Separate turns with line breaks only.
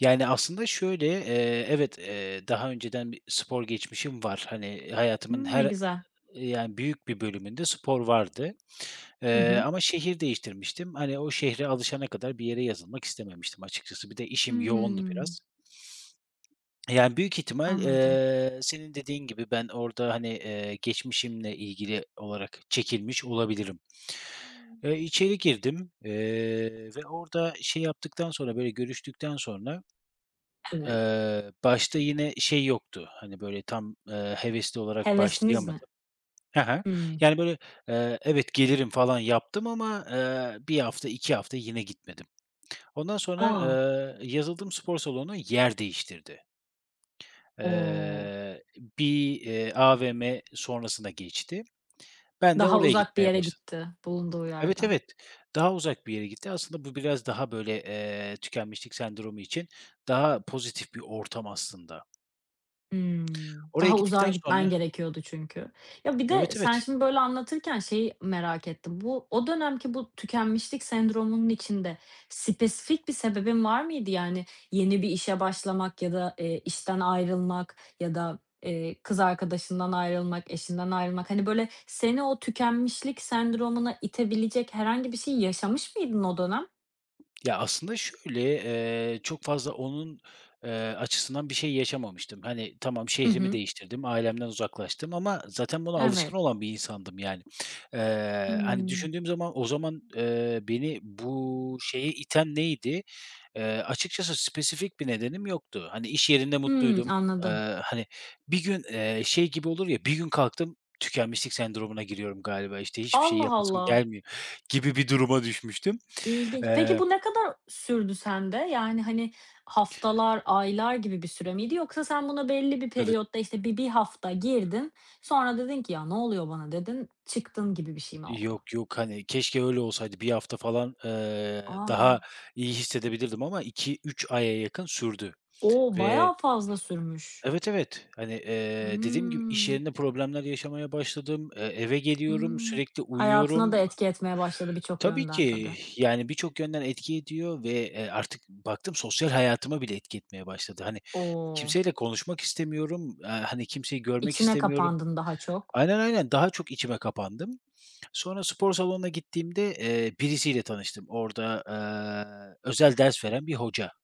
Yani, aslında şöyle, eee, evet, eee, daha önceden bir spor geçmişim var. Hani, hayatımın
Imm. Ne
her
güzel.
eee, yani, büyük bir bölümünde spor vardı.
Hı
Eee,
hı.
ama şehir değiştirmiştim. Hani, o şehre alışana kadar bir yere yazılmak istememiştim açıkçası. Bir de işim yoğundu
Hımm.
biraz. E, yani, büyük ihtimal,
Anladım.
eee, senin dediğin gibi ben orada, hani, eee, geçmişimle ilgili olarak çekilmiş olabilirim.
Hımm.
Eee, içeri girdim, eee, ve orada şey yaptıktan sonra, böyle, görüştükten sonra,
Evet.
eee, başta yine şey yoktu, hani, böyle, tam, eee, hevesli olarak
Hevesiniz mi?
başlayamadım. Ha ha,
Hımm.
yani, böyle, eee, evet gelirim falan yaptım ama, eee, 1 hafta, 2 hafta yine gitmedim. Ondan sonra,
A!
eee, yazıldığım spor salonu yer değiştirdi.
O!
Eee, bir, eee, AVM sonrasına geçti. Ben de
Daha
oraya
uzak bir
gitmeye
yere
başladım.
gitti, bulunduğu
Evet,
yerden.
evet, daha uzak bir yere gitti. Aslında bu biraz daha böyle, eee, tükenmişlik sendromu için daha pozitif bir ortam aslında.
Hımm.
Oraya
Daha uzağa
gittikten sonra
gitmen gerekiyordu çünkü. Ya, bir de
Evet,
sen
evet.
şimdi böyle anlatırken şeyi merak ettim. Bu, o dönemki bu tükenmişlik sendromunun içinde spesifik bir sebebin var mıydı? Yani, yeni bir işe başlamak ya da, eee, işten ayrılmak ya da, eee, kız arkadaşından ayrılmak, eşinden ayrılmak, hani, böyle, seni o tükenmişlik sendromuna itebilecek herhangi bir şey yaşamış mıydın o dönem?
Ya, aslında şöyle, eee, çok fazla onun, eee, açısından bir şey yaşamamıştım. Hani, tamam
Hı
şehrimi
hı.
değiştirdim, ailemden uzaklaştım ama zaten buna alışkın
Evet.
olan bir insandım, yani. Eee, hani,
Hımm.
düşündüğüm zaman o zaman, eee, beni bu şeye iten neydi? Eee, açıkçası spesifik bir nedenim yoktu. Hani, iş yerinde
Hımm.
mutluydum. Eee,
Anladım.
hani, bir gün, eee, şey gibi olur ya, "Bir gün kalktım, tükenmişlik sendromuna giriyorum galiba işte, hiçbir şey
Allah
yapasım
Allah.
gelmiyor." gibi bir duruma düşmüştüm.
İlginç. Peki,
Eee
bu ne kadar sürdü sende? Yani, hani, haftalar, aylar gibi bir süre miydi yoksa sen buna belli bir
Evet.
periyotta, işte, bir 1 hafta girdin, sonra dedin ki, ”Ya, ne oluyor bana?” dedin, çıktın gibi bir şey mi
Eee,
oldu?
yok, yok, hani, keşke öyle olsaydı, 1 hafta falan, ııı, daha
A!
iyi hissedebilirdim ama 2-3 aya yakın sürdü
O,
ve
bayağı fazla sürmüş.
Evet evet, hani, eee, dediğim gibi iş
Hımm.
yerinde problemler yaşamaya başladım, eee, eve geliyorum,
Hımm
sürekli
hayatına da
uyuyorum.
etki etmeye başladı birçok
Tabii
yönden,
ki,
tabii.
yani birçok yönden etki ediyor ve, eee, artık baktım sosyal hayatıma bile etki etmeye başladı. Hani,
O!
kimseyle konuşmak istemiyorum, aaa, hani, kimseyi görmek
İçine
istemiyorum.
kapandın daha çok.
Aynen, aynen daha çok içime kapandım. Sonra spor salonuna gittiğimde, eee, birisiyle tanıştım. Orada, eee, özel ders veren bir hoca.